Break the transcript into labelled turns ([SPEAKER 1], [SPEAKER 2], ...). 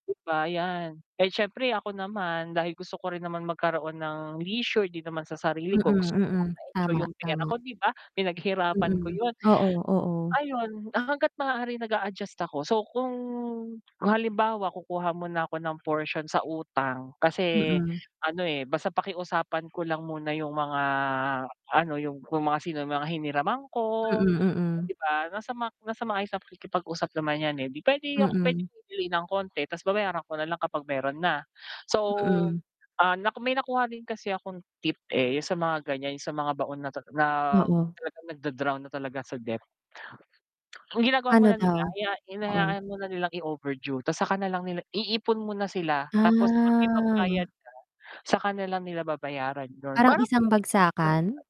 [SPEAKER 1] 'Di ba, yan. Eh, siyempre ako naman, dahil gusto ko rin naman magkaroon ng leisure din naman sa sarili
[SPEAKER 2] Mm,
[SPEAKER 1] ko, gusto ko naman na
[SPEAKER 2] mm,
[SPEAKER 1] ma-enjoy
[SPEAKER 2] tama,
[SPEAKER 1] yung pera
[SPEAKER 2] tama.
[SPEAKER 1] ko 'di ba, pinaghirapan ko
[SPEAKER 2] Mm,
[SPEAKER 1] yun.
[SPEAKER 2] oo, oo.
[SPEAKER 1] Ayun hangga't maaari nag-a-adjust ako, so, kung halimbawa kukuha muna ako ng portion sa utang, kasi
[SPEAKER 2] Mm.
[SPEAKER 1] ano, eh, basta pakiusapan ko lang muna yung mga ano, yung, yung mga, sino yung mga hiniraman ko,
[SPEAKER 2] Mm, mm.
[SPEAKER 1] 'di ba, nasa nasa maayos pakikipag-usap naman yan, eh, di pwede ako, pwedeng
[SPEAKER 2] Mm.
[SPEAKER 1] bibili ng konti tas babayaran ko nalang kapag meron na, so,
[SPEAKER 2] Mm.
[SPEAKER 1] ah, may nakuha din kasi akong tip, eh, yung sa mga ganyan yung sa mga baon na, na
[SPEAKER 2] Oo.
[SPEAKER 1] talagang nagda-drown na talaga sa debt. Ang ginagawa mo
[SPEAKER 2] Pano
[SPEAKER 1] na nila
[SPEAKER 2] daw? Oo.
[SPEAKER 1] ina-hinayaan muna nilang i-overdue, tas saka na lang nila iipon mo na sila, tapos 'pag may pangbayad
[SPEAKER 2] Ah.
[SPEAKER 1] ka saka na lang nila babayaran dun,
[SPEAKER 2] Parang
[SPEAKER 1] parang
[SPEAKER 2] isang
[SPEAKER 1] [unintelligible]
[SPEAKER 2] bagsakan?